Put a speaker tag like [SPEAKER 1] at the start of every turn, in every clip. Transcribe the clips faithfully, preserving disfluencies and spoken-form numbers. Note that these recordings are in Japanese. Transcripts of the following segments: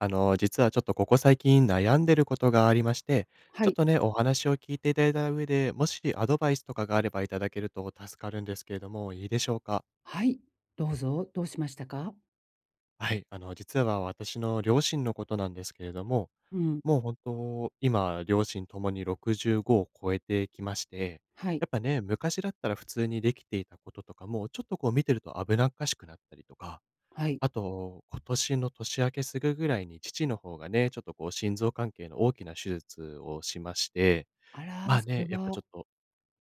[SPEAKER 1] あの、実はちょっとここ最近悩んでることがありまして、
[SPEAKER 2] は
[SPEAKER 1] ちょっ
[SPEAKER 2] い。
[SPEAKER 1] とね、お話を聞いていただいた上で、もしアドバイスとかがあれば、いただけると助かるんですけれども、いいでしょうか？
[SPEAKER 2] はい、どうぞ、どうしましたか？
[SPEAKER 1] はい、あの、実は私の両親のことなんですけれども、
[SPEAKER 2] うん。
[SPEAKER 1] もうほんと、今両親ともにろくじゅうごを超えてきまして、
[SPEAKER 2] はい。
[SPEAKER 1] やっぱね、昔だったら普通にできていたこととかも、ちょっとこう見てると危なっかしくなったりとか、
[SPEAKER 2] はい。
[SPEAKER 1] あと、今年の年明けすぐぐらいに、父の方がね、ちょっとこう心臓関係の大きな手術をしまして、
[SPEAKER 2] あら、
[SPEAKER 1] まあ、
[SPEAKER 2] それ
[SPEAKER 1] ね、やっぱち
[SPEAKER 2] は
[SPEAKER 1] ょっと、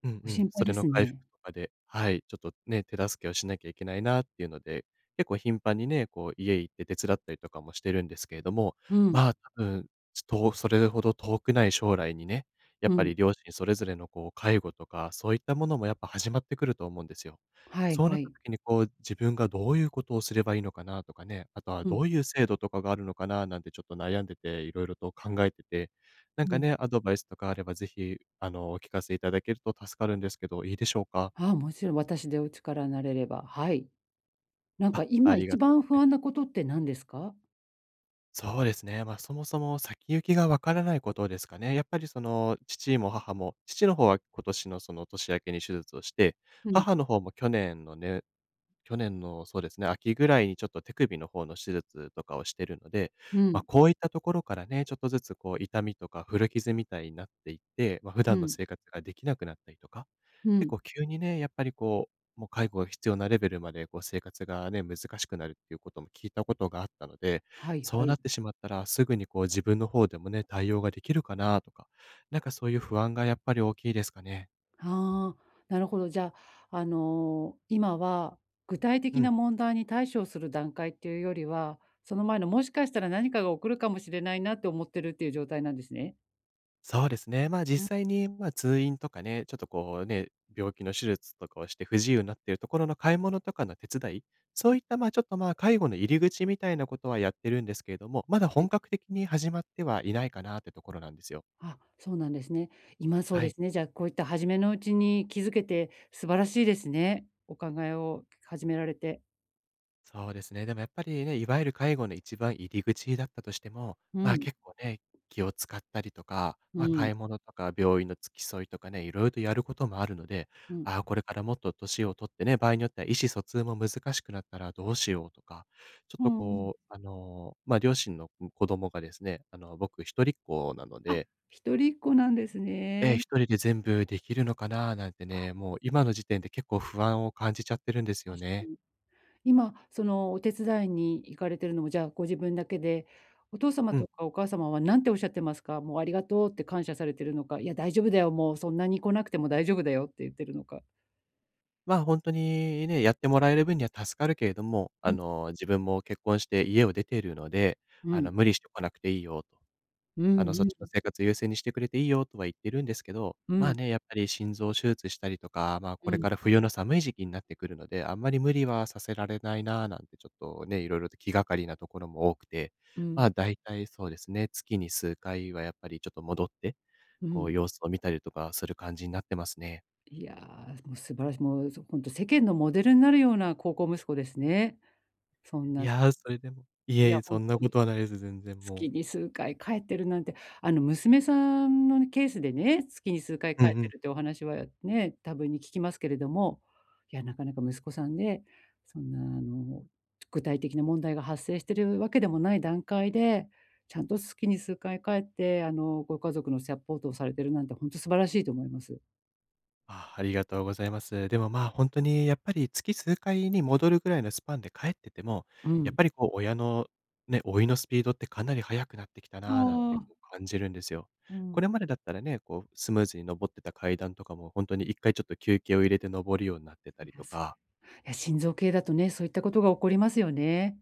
[SPEAKER 1] うん
[SPEAKER 2] ご
[SPEAKER 1] うん、
[SPEAKER 2] 心
[SPEAKER 1] そ
[SPEAKER 2] 配
[SPEAKER 1] れ
[SPEAKER 2] で
[SPEAKER 1] の
[SPEAKER 2] す
[SPEAKER 1] 回復
[SPEAKER 2] ね。
[SPEAKER 1] とかで、はい、ちょっとね、手助けをしなきゃいけないなっていうので、結構頻繁にね、こう家行って手伝ったりとかもしてるんですけれども、
[SPEAKER 2] うん。
[SPEAKER 1] まあ、多分、ちょっとそれほど遠くない将来にね、やっ
[SPEAKER 2] う
[SPEAKER 1] ぱ
[SPEAKER 2] ん。
[SPEAKER 1] り両親それぞれのこう介護とか、そういったものもやっぱ始まってくると思うんですよ。
[SPEAKER 2] はい
[SPEAKER 1] そうな
[SPEAKER 2] は
[SPEAKER 1] った
[SPEAKER 2] い。
[SPEAKER 1] 時にこう、自分がどういうことをすればいいのかなとかね、あとは
[SPEAKER 2] う
[SPEAKER 1] ど
[SPEAKER 2] ん。
[SPEAKER 1] ういう制度とかがあるのかな、なんてちょっと悩んでて、いろいろと考えてて、なん
[SPEAKER 2] う
[SPEAKER 1] か
[SPEAKER 2] ん。
[SPEAKER 1] ね、アドバイスとかあれば、ぜひ、あの、お聞かせいただけると助かるんですけど、いいでしょうか？
[SPEAKER 2] ああ、もちろん私でお力になれれば、はい。なんか
[SPEAKER 1] あ、あ
[SPEAKER 2] 今
[SPEAKER 1] りが
[SPEAKER 2] 一
[SPEAKER 1] とう
[SPEAKER 2] 番不
[SPEAKER 1] [unintelligible]
[SPEAKER 2] 安なことって何ですか？
[SPEAKER 1] そうですね、ま、そもそも先行きがわからないことですかね、やっぱり、その、父も母も、父の方は今年の、その、年明けに手術をして、
[SPEAKER 2] うん。
[SPEAKER 1] 母の方も去年のね、去年の、そうですね、秋ぐらいにちょっと手首の方の手術とかをしてるので、
[SPEAKER 2] う
[SPEAKER 1] ま、
[SPEAKER 2] ん。
[SPEAKER 1] こういったところからね、ちょっとずつ、こう、痛みとか古傷みたいになっていて、ま、普
[SPEAKER 2] う
[SPEAKER 1] 段の
[SPEAKER 2] ん。
[SPEAKER 1] 生活ができなくなったりとか、
[SPEAKER 2] う
[SPEAKER 1] 結
[SPEAKER 2] ん。
[SPEAKER 1] 構急にね、やっぱり、こう、もう介護が必要なレベルまで、こう、生活がね、難しくなるっていうことも聞いたことがあったので、
[SPEAKER 2] はい
[SPEAKER 1] そ
[SPEAKER 2] は
[SPEAKER 1] うなっ
[SPEAKER 2] い。
[SPEAKER 1] てしまったら、すぐに、こう、自分の方でもね、対応ができるかなとか、なんか、そういう不安がやっぱり大きいですかね。
[SPEAKER 2] はあ、なるほど、じゃあ、あの、今は具体
[SPEAKER 1] う
[SPEAKER 2] 的
[SPEAKER 1] ん。
[SPEAKER 2] な問題に対処する段階っていうよりは、その前の、もしかしたら何かが起こるかもしれないなと思ってるっていう状態なんですね。
[SPEAKER 1] そうですね、まあ、
[SPEAKER 2] うん。
[SPEAKER 1] 実際に、ま、通院とかね、ちょっと、こう、ね、病気の手術とかをして、不自由になってるところの買い物とかの手伝い、そういった、まあ、ちょっと、まあ、介護の入り口みたいなことはやってるんですけれども、まだ
[SPEAKER 2] は
[SPEAKER 1] 本
[SPEAKER 2] い。
[SPEAKER 1] 格的に始まってはいないかなってところなんですよ。
[SPEAKER 2] あ、そうなんですね。今そう
[SPEAKER 1] は
[SPEAKER 2] で
[SPEAKER 1] い。
[SPEAKER 2] すね。じゃあ、こういった初めのうちに気づけて、素晴らしいですね。お考えを始められて。
[SPEAKER 1] そうですね。でもやっぱりね、いわゆる介護の一番入り口だったとしても、
[SPEAKER 2] う
[SPEAKER 1] まあ、
[SPEAKER 2] ん。
[SPEAKER 1] 結構ね、気を使ったりとか、
[SPEAKER 2] う
[SPEAKER 1] ま、
[SPEAKER 2] ん。
[SPEAKER 1] 買い物とか、病院の付き添いとかね、いろいろとやることもあるので、
[SPEAKER 2] うん。
[SPEAKER 1] ああ、これからもっと年をとってね、場合によっては意思疎通も難しくなったらどうしようとか、ちょっ
[SPEAKER 2] うー
[SPEAKER 1] と
[SPEAKER 2] ん。
[SPEAKER 1] こう、あの、ま、両親の子供がですね、あの、僕ひとりっ子なの
[SPEAKER 2] あ、
[SPEAKER 1] で
[SPEAKER 2] ひとりっ子なんです
[SPEAKER 1] ええ、
[SPEAKER 2] ね。
[SPEAKER 1] ひとりで全部できるのかな、なんて
[SPEAKER 2] あ。
[SPEAKER 1] ね、もう今の時点で結構不安を感じちゃってるんですよ
[SPEAKER 2] 確か
[SPEAKER 1] ね。
[SPEAKER 2] に。今、その、お手伝いに行かれてるのもじゃあ、ご自分だけで、お父様
[SPEAKER 1] うん。
[SPEAKER 2] とかお母様は何ておっしゃってますか？もうありがとうって感謝されてるのか、いや、大丈夫だよ、もうそんなに来なくても大丈夫だよって言ってるのか。
[SPEAKER 1] まあ、ほんとにね、やってもらえる分には助かるけれども、あ
[SPEAKER 2] うん。
[SPEAKER 1] の、自分も結婚して家を出てるので、
[SPEAKER 2] う
[SPEAKER 1] あの、
[SPEAKER 2] ん。
[SPEAKER 1] 無理してこなくていいよと、
[SPEAKER 2] う
[SPEAKER 1] あの、そっ
[SPEAKER 2] ん
[SPEAKER 1] ちの
[SPEAKER 2] うん。
[SPEAKER 1] 生活優先にしてくれていいよとは言ってるんですけど、
[SPEAKER 2] う
[SPEAKER 1] まあ、
[SPEAKER 2] ん。
[SPEAKER 1] ね、やっぱり心臓手術したりとか、まあ、こ
[SPEAKER 2] う
[SPEAKER 1] れ
[SPEAKER 2] ん。
[SPEAKER 1] から冬の寒い時期になってくるので、あんまり無理はさせられないななんて、ちょっとね、いろいろと気がかりなところも多くて、
[SPEAKER 2] う
[SPEAKER 1] まあ、
[SPEAKER 2] ん。
[SPEAKER 1] 大体そうですね、月に数回はやっぱりちょっと戻って、
[SPEAKER 2] う
[SPEAKER 1] こ
[SPEAKER 2] ん。
[SPEAKER 1] う様子を見たりとかする感じになってますね。
[SPEAKER 2] いや、もう素晴らしい、もうほんと世間のモデルになるような孝行息子ですね。そん
[SPEAKER 1] い
[SPEAKER 2] な
[SPEAKER 1] や、それでもい
[SPEAKER 2] い
[SPEAKER 1] えい
[SPEAKER 2] や、
[SPEAKER 1] え、
[SPEAKER 2] ほ
[SPEAKER 1] そ
[SPEAKER 2] ん
[SPEAKER 1] んな
[SPEAKER 2] と
[SPEAKER 1] こ
[SPEAKER 2] に。
[SPEAKER 1] とはないです、全然もう。
[SPEAKER 2] 月に数回帰ってるなんて、あの、娘さんのケースでね、月に数回
[SPEAKER 1] うん
[SPEAKER 2] 帰
[SPEAKER 1] う
[SPEAKER 2] って
[SPEAKER 1] ん。
[SPEAKER 2] るってお話はね、多分に聞きますけれども、いや、なかなか息子さんね、そんな、あの、具体的な問題が発生してるわけでもない段階で、ちゃんと月に数回帰ってあの、ご家族のサポートをされてるなんて、ほんと素晴らしいと思います。
[SPEAKER 1] あ、ありがとうございます。でも、まあ、ほんとにやっぱり月数回に戻るぐらいのスパンで帰ってても、
[SPEAKER 2] う
[SPEAKER 1] やっ
[SPEAKER 2] ん。
[SPEAKER 1] ぱりこう親の、ね、老いのスピードってかなり速くなってきた
[SPEAKER 2] あ
[SPEAKER 1] な、なんて
[SPEAKER 2] あ。
[SPEAKER 1] こう感じるんですよ。
[SPEAKER 2] う
[SPEAKER 1] こ
[SPEAKER 2] ん。
[SPEAKER 1] れまでだったらね、こうスムーズに登ってた階段とかもほんとにいっかいちょっと休憩を入れて登るようになってた
[SPEAKER 2] い
[SPEAKER 1] りと
[SPEAKER 2] やす
[SPEAKER 1] か
[SPEAKER 2] いや心臓系だとね、そういったことが起こりますよね。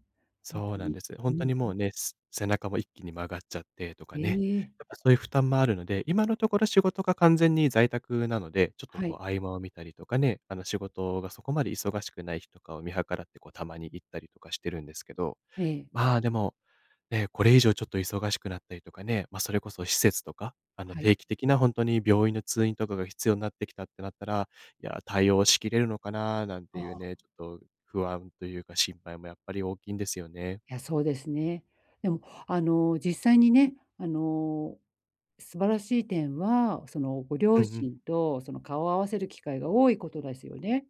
[SPEAKER 2] ほん
[SPEAKER 1] そう
[SPEAKER 2] と
[SPEAKER 1] なん
[SPEAKER 2] に。
[SPEAKER 1] です。ほ
[SPEAKER 2] う
[SPEAKER 1] んと
[SPEAKER 2] ん。
[SPEAKER 1] にもうね、す背中も一気に曲がっちゃって、とか
[SPEAKER 2] え
[SPEAKER 1] ね、
[SPEAKER 2] え。
[SPEAKER 1] やっぱそういう負担もあるので、今のところ仕事が完全に在宅なので、ちょっと
[SPEAKER 2] は
[SPEAKER 1] こ
[SPEAKER 2] い。
[SPEAKER 1] う合間を見たりとかね、あの、仕事がそこまで忙しくない日とかを見計らって、こうたまに行ったりとかしてるんですけど、
[SPEAKER 2] ええ。
[SPEAKER 1] まあ、でも、ね、これ以上ちょっと忙しくなったりとかね、ま、それこそ施設とか、あの、
[SPEAKER 2] はい。
[SPEAKER 1] 定期的なほんとに病院の通院とかが必要になってきたってなったら、いや、対応しきれるのかななんて
[SPEAKER 2] あ
[SPEAKER 1] いう
[SPEAKER 2] あ。
[SPEAKER 1] ね、ちょっと、不安というか心配もやっぱり大きいんですよね。
[SPEAKER 2] いや、そうですね。でもあの、実際にね、あの、素晴らしい点は、その、ご
[SPEAKER 1] うん
[SPEAKER 2] 両
[SPEAKER 1] うん。
[SPEAKER 2] 親とその、顔を合わせる機会が多いことですよね。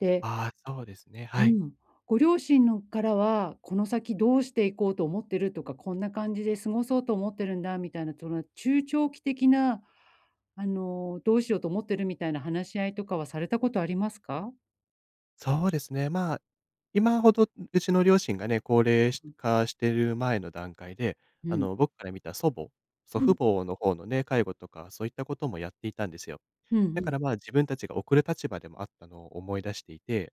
[SPEAKER 2] で
[SPEAKER 1] ああ、そうですね、
[SPEAKER 2] う
[SPEAKER 1] はい。
[SPEAKER 2] ん。ご両親のからは、この先どうしていこうと思ってるとか、こんな感じで過ごそうと思ってるんだみたいな、その中長期的な、あの、どうしようと思ってるみたいな話し合いとかはされたことありますか？
[SPEAKER 1] そうですね、まあ、今ほど、うちの両親がね、高齢し
[SPEAKER 2] うう。
[SPEAKER 1] 化してる前の段階で、
[SPEAKER 2] う
[SPEAKER 1] あ
[SPEAKER 2] ん。
[SPEAKER 1] の、僕から見た祖母。祖
[SPEAKER 2] う
[SPEAKER 1] 父
[SPEAKER 2] ん。
[SPEAKER 1] 母の方のね、介護とか、そういったこともやっていたんですよ。
[SPEAKER 2] ふん、
[SPEAKER 1] だ
[SPEAKER 2] う
[SPEAKER 1] か
[SPEAKER 2] ん。
[SPEAKER 1] ら、まあ、自分たちが送る立場でもあったのを思い出していて、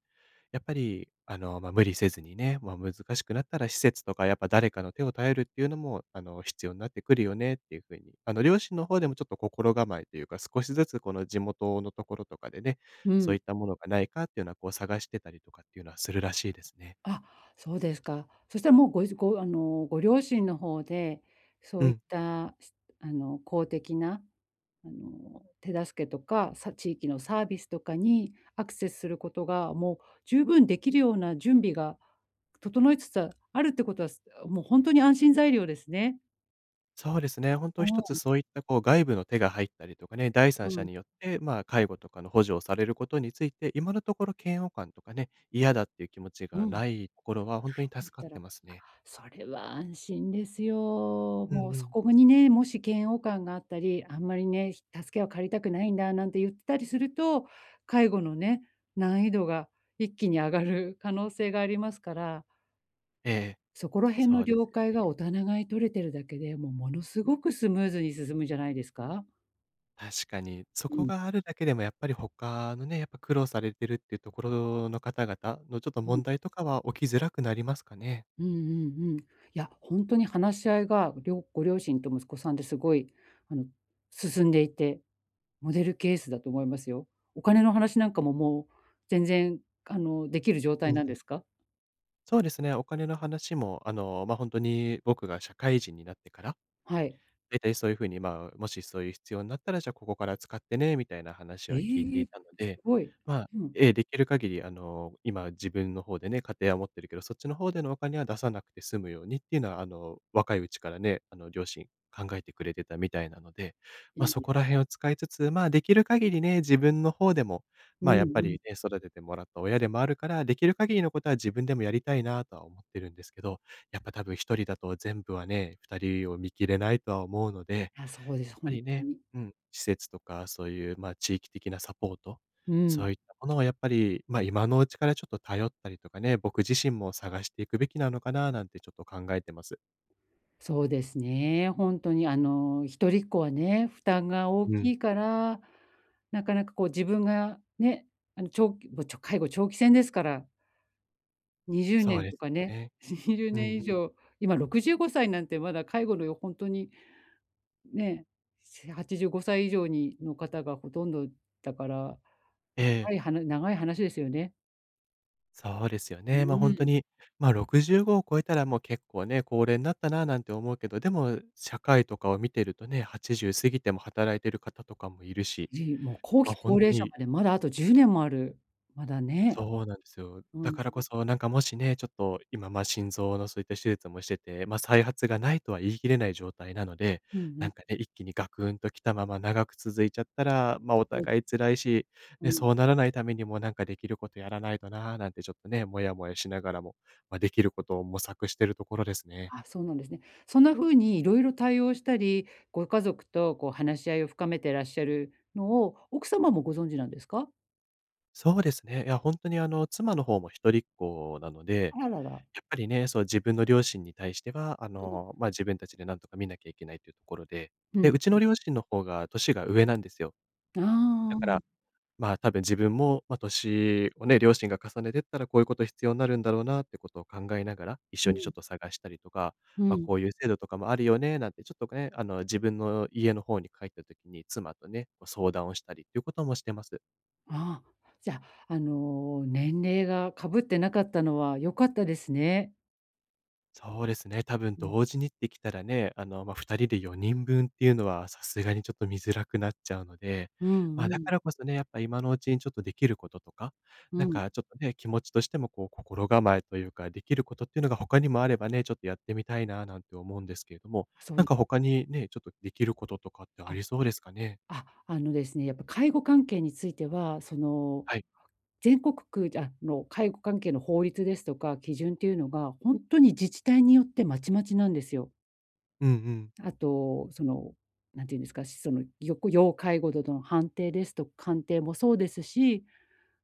[SPEAKER 1] やっぱり、あの、ま、無理せずにね、ま、難しくなったら施設とかやっぱ誰かの手を頼るっていうのも、あの、必要になってくるよねっていう風に、あの、両親の方でもちょっと心構えというか、少しずつこの地元のところとかでね、
[SPEAKER 2] う
[SPEAKER 1] そう
[SPEAKER 2] ん。
[SPEAKER 1] いったものがないかっていうのは、こう探してたりとかっていうのはするらしいですね。
[SPEAKER 2] あ、そうですか。そしたら、もう、ごしあの、ご両親の方で、そ
[SPEAKER 1] う
[SPEAKER 2] ういっ
[SPEAKER 1] ん。
[SPEAKER 2] た、すあの、公的なあの、手助けとか、さ地域のサービスとかにアクセスすることが、もう十分できるような準備が整いつつあるってことは、すあ、もうほんとに安心材料ですね。
[SPEAKER 1] そうですね、ほん
[SPEAKER 2] う
[SPEAKER 1] とひとつ
[SPEAKER 2] ん。
[SPEAKER 1] そういったこう、外部の手が入ったりとかね、第三
[SPEAKER 2] う
[SPEAKER 1] 者
[SPEAKER 2] ん。
[SPEAKER 1] によって、まあ、介護とかの補助をされることについて、今のところ嫌悪感とかね、嫌だっていう気持ち
[SPEAKER 2] うん。
[SPEAKER 1] が
[SPEAKER 2] ないん
[SPEAKER 1] ないところは、ほんとに
[SPEAKER 2] だっ
[SPEAKER 1] 助かっ
[SPEAKER 2] たら、
[SPEAKER 1] て
[SPEAKER 2] あ、
[SPEAKER 1] ますね。
[SPEAKER 2] それは安心ですよ。
[SPEAKER 1] う
[SPEAKER 2] も
[SPEAKER 1] ん
[SPEAKER 2] う
[SPEAKER 1] う
[SPEAKER 2] そ
[SPEAKER 1] ん。
[SPEAKER 2] こにね、もし嫌悪感があったり、あんまりね、助けを借りたくないんだなんて言ってたりすると、介護のね、難易度が一気に上がる可能性がありますから。
[SPEAKER 1] ええ、
[SPEAKER 2] そこら辺
[SPEAKER 1] そ
[SPEAKER 2] の
[SPEAKER 1] うで
[SPEAKER 2] 了
[SPEAKER 1] すよ
[SPEAKER 2] 解
[SPEAKER 1] ね。
[SPEAKER 2] がおたながいに取れてるだけで、もう、ものすごくスムーズに進むじゃないですか。
[SPEAKER 1] 確かに。そ
[SPEAKER 2] う
[SPEAKER 1] こ
[SPEAKER 2] ん。
[SPEAKER 1] があるだけでも、やっぱり他のね、やっぱ苦労されてるっていうところの方々の、ちょっと
[SPEAKER 2] うん。
[SPEAKER 1] 問題とかは起きづらくなりますかね。
[SPEAKER 2] うんうんうん。いや、本当に話し合いが、りょご両親と息子さんで、すごいあの進んでいて、モデルケースだと思いますよ。お金の話なんかも、もう全然あの、できる状
[SPEAKER 1] う
[SPEAKER 2] 態
[SPEAKER 1] ん
[SPEAKER 2] なん
[SPEAKER 1] う
[SPEAKER 2] で
[SPEAKER 1] ん。
[SPEAKER 2] すか？
[SPEAKER 1] そうですね。お金の話も、あの、ま、本当に僕が社会人になってから、
[SPEAKER 2] はい。
[SPEAKER 1] 大体そういう風に、ま、もしそういう必要になったら、じゃあここから使ってね、みたいな話
[SPEAKER 2] え
[SPEAKER 1] は聞いてい
[SPEAKER 2] え。
[SPEAKER 1] たの
[SPEAKER 2] す
[SPEAKER 1] で。
[SPEAKER 2] ごい。
[SPEAKER 1] ま、
[SPEAKER 2] うん。
[SPEAKER 1] ええ、できる限り、あの、今自分の方でね、家庭は持ってるけど、そっちの方でのお金は、出さなくて済むようにっていうのは、あの、若いうちからね、あの、両親考えてくれてたみたいなので。ま、そこ
[SPEAKER 2] [unintelligible]
[SPEAKER 1] らへんを使いつつ、ま、できる限りね、自分の方でも、
[SPEAKER 2] うんう
[SPEAKER 1] ま、やっぱ
[SPEAKER 2] ん。
[SPEAKER 1] りね、育ててもらった親でもあるから、できる限りのことは、自分でもやりたいなとは思ってるんですけど、やっぱたぶんひとりだと全部はね、ふたりを見切れないとは思うので、やっ
[SPEAKER 2] あ、そうです、
[SPEAKER 1] ぱ
[SPEAKER 2] 本
[SPEAKER 1] り
[SPEAKER 2] 当
[SPEAKER 1] ね、
[SPEAKER 2] に。
[SPEAKER 1] うん、施設とか、そういう、ま、地域的なサポート、
[SPEAKER 2] う
[SPEAKER 1] そ
[SPEAKER 2] ん。
[SPEAKER 1] ういったものはやっぱり、ま、今のうちからちょっと頼ったりとかね、僕自身も探していくべきなのかななんて、ちょっと考えてます。
[SPEAKER 2] そうですね、ほんとにあの、ひとりっ子はね、負担が大
[SPEAKER 1] うん。
[SPEAKER 2] きいから、なかなかこう自分が、ね、あのちょき介護長期戦ですから。にじゅう
[SPEAKER 1] そ
[SPEAKER 2] ね
[SPEAKER 1] う
[SPEAKER 2] ん
[SPEAKER 1] で
[SPEAKER 2] と
[SPEAKER 1] す
[SPEAKER 2] か
[SPEAKER 1] よ
[SPEAKER 2] ね、
[SPEAKER 1] ね。
[SPEAKER 2] にじゅう
[SPEAKER 1] う
[SPEAKER 2] ね
[SPEAKER 1] ん
[SPEAKER 2] ん
[SPEAKER 1] う
[SPEAKER 2] 以
[SPEAKER 1] ん。
[SPEAKER 2] 上、今ろくじゅうごさいなんてまだ介護の、ほんとに、ね、はちじゅうごさい以上にの方がほとんどだから、
[SPEAKER 1] ええ。
[SPEAKER 2] 長いはな長い話ですよね。
[SPEAKER 1] そうですよ
[SPEAKER 2] う
[SPEAKER 1] ね。ま、ほんと
[SPEAKER 2] ーん。
[SPEAKER 1] に、ま、ろくじゅうごを超えたら、もう結構ね、高齢になったななんて思うけど、でも社会とかを見てるとね、はちじゅう過ぎても働いてる方とかもいるし、
[SPEAKER 2] じもう後
[SPEAKER 1] ま、
[SPEAKER 2] 期
[SPEAKER 1] ほん
[SPEAKER 2] 高
[SPEAKER 1] と
[SPEAKER 2] 齢者
[SPEAKER 1] に
[SPEAKER 2] までまだあとじゅうねんもある、まだね。
[SPEAKER 1] そうなんですよ。
[SPEAKER 2] う
[SPEAKER 1] だ
[SPEAKER 2] ん。
[SPEAKER 1] からこそ、なんかもしね、ちょっと今、ま、心臓のそういった手術もしてて、ま、再発がないとは言い切れない状態なので、
[SPEAKER 2] うんう
[SPEAKER 1] なん
[SPEAKER 2] ん。
[SPEAKER 1] かね、一気にガクンときたまま長く続いちゃったら、まあ、お互
[SPEAKER 2] [unintelligible]
[SPEAKER 1] い辛いし、
[SPEAKER 2] う
[SPEAKER 1] ね、
[SPEAKER 2] ん。
[SPEAKER 1] そうならないためにもなんかできることやらないとな、なんてちょっとね、モヤモヤしながらも、まあ、できることを模索してるところですね。
[SPEAKER 2] あ、そうなんですね。そんな風にいろいろ対応したり、ご家族とこう話し合いを深めてらっしゃるのを、奥様もご存知なんですか？
[SPEAKER 1] そうですね、いやほんとにあの、妻の方も一人っ子なので、
[SPEAKER 2] あらら。
[SPEAKER 1] やっぱりねその、自分の両親に対しては、あ
[SPEAKER 2] うん。
[SPEAKER 1] の、ま、自分達で何とか見なきゃいけないっていうところで、
[SPEAKER 2] うん
[SPEAKER 1] で、うち
[SPEAKER 2] う
[SPEAKER 1] の
[SPEAKER 2] ん。
[SPEAKER 1] 両親の方が年が上なんですよ。
[SPEAKER 2] あ
[SPEAKER 1] だか
[SPEAKER 2] あ。
[SPEAKER 1] らまあ、多分、自分もま、年をね、両親が重ねてったら、こういう事必要なるんだろうなって事を考えながら、一
[SPEAKER 2] う
[SPEAKER 1] 緒にちょっ
[SPEAKER 2] ん。
[SPEAKER 1] と探したりとか、
[SPEAKER 2] う
[SPEAKER 1] まあ、
[SPEAKER 2] ん。
[SPEAKER 1] こういう制度とかもあるよねなんて、ちょっとね、あの、自分の家の方に帰った時に、妻とね、こう相談をしたりっていう事もしてます。
[SPEAKER 2] ああ、じゃあ、あの、年齢が被って無かったのは、良かったですね。
[SPEAKER 1] そうですね、多分
[SPEAKER 2] うん。
[SPEAKER 1] 同時にって来たらね、あの、ま、ふたりで、よにん分っていうのは、さすがにちょっと看づらくなっちゃうので、
[SPEAKER 2] うん
[SPEAKER 1] ま
[SPEAKER 2] う
[SPEAKER 1] あ、だか
[SPEAKER 2] ん。
[SPEAKER 1] らこそね、やっぱ今のうちに、ちょっと出来る事とか、
[SPEAKER 2] う
[SPEAKER 1] 何
[SPEAKER 2] ん。
[SPEAKER 1] かちょっとね、気持ちとしても、こう心構えと言うか、出来る事ってのが他にもあればね、ちょっとやってみたいななんて思うんですけれども。何
[SPEAKER 2] そ
[SPEAKER 1] か他に、ね、ちょっと、出来る事とかってあ
[SPEAKER 2] あ、
[SPEAKER 1] りそうですかね？
[SPEAKER 2] ああのですね、やっぱ介護関係については、その、
[SPEAKER 1] はい。
[SPEAKER 2] 全国区、じゃあの、介護関係の法律ですとか基準っていうのが、ほんとに、自治体によってまちまちなんですよ。
[SPEAKER 1] うんうん。
[SPEAKER 2] あと、その何て言うんですか、そのよく要介護度の判定ですと鑑定もそうですし、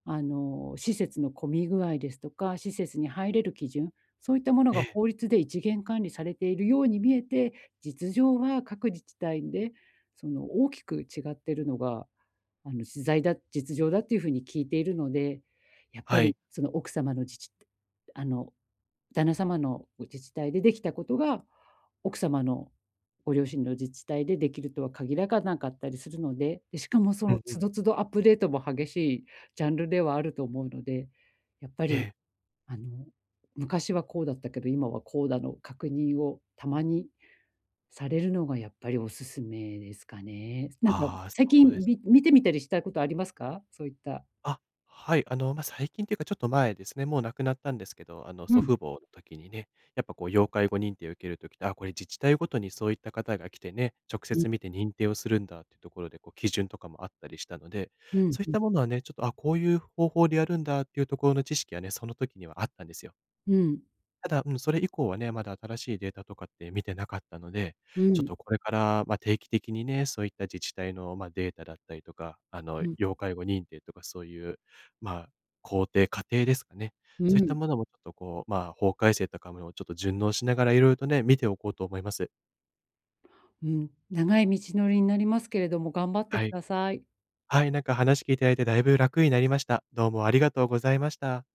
[SPEAKER 2] あの、施設の混み具合ですとか、施設に入れる基準、そういったもの
[SPEAKER 1] え
[SPEAKER 2] が
[SPEAKER 1] え。
[SPEAKER 2] 法律で一元管理されているように見えて、実情は各自治体で、その大きく違ってるのが、あのしざいだ実情だというふうに聞いているので、やっぱ
[SPEAKER 1] は
[SPEAKER 2] り、
[SPEAKER 1] い。
[SPEAKER 2] その奥様の自治あの、旦那様のう自治体でできたことが奥様の、ご両親の自治体でできるとは限らかなかったりするので、でしかもそ
[SPEAKER 1] う
[SPEAKER 2] の
[SPEAKER 1] んうん。
[SPEAKER 2] 都度都度アップデートも激しいジャンルではあると思うので、やっぱ
[SPEAKER 1] え
[SPEAKER 2] り、
[SPEAKER 1] え。
[SPEAKER 2] あの、昔はこうだったけど、今はこうだの確認をたまに、されるのがやっぱりお勧めですかね。なんか
[SPEAKER 1] ああ、
[SPEAKER 2] 最
[SPEAKER 1] そうで
[SPEAKER 2] 近
[SPEAKER 1] す
[SPEAKER 2] び
[SPEAKER 1] ね。
[SPEAKER 2] 見てみたりしたことありますか、そういった
[SPEAKER 1] あ、はい、あの、ま、最近っていうか、ちょっと前ですね、もう亡くなったんですけど、あの、
[SPEAKER 2] う
[SPEAKER 1] 祖
[SPEAKER 2] ん。
[SPEAKER 1] 父母の時にね。やっぱこう要介護認定を受ける時って、ああ、これ自治体ごとにそういった方が来てね、直
[SPEAKER 2] [unintelligible]
[SPEAKER 1] 接見て認定をするんだっていうところで、こう基準とかもあったりしたので、
[SPEAKER 2] うん
[SPEAKER 1] そういっ
[SPEAKER 2] うん。
[SPEAKER 1] たものはね、ちょっと、あ、こういう方法でやるんだっていうところの知識はね、その時にはあったんですよ。
[SPEAKER 2] うん。
[SPEAKER 1] ただ、うん、それ以降はね、まだ新しいデータとかって見てなかったので、
[SPEAKER 2] う
[SPEAKER 1] ちょっ
[SPEAKER 2] ん。
[SPEAKER 1] とこれから、ま、定期的にね、そういった自治体の、ま、データだったりとか、あの、
[SPEAKER 2] うん。
[SPEAKER 1] 要介護認定とか、そういう、まあ、工程、過程ですかね、
[SPEAKER 2] う
[SPEAKER 1] そういった
[SPEAKER 2] ん。
[SPEAKER 1] ものもちょっとこう、まあ、法改正とかもちょっと順応しながらいろいろとね、見ておこうと思います。
[SPEAKER 2] うん、長い道のりになりますけれども、頑張って
[SPEAKER 1] は
[SPEAKER 2] く
[SPEAKER 1] い。
[SPEAKER 2] ださい。
[SPEAKER 1] はい、なんか話聞いていただいて、だいぶ楽になりました。どうもありがとうございました。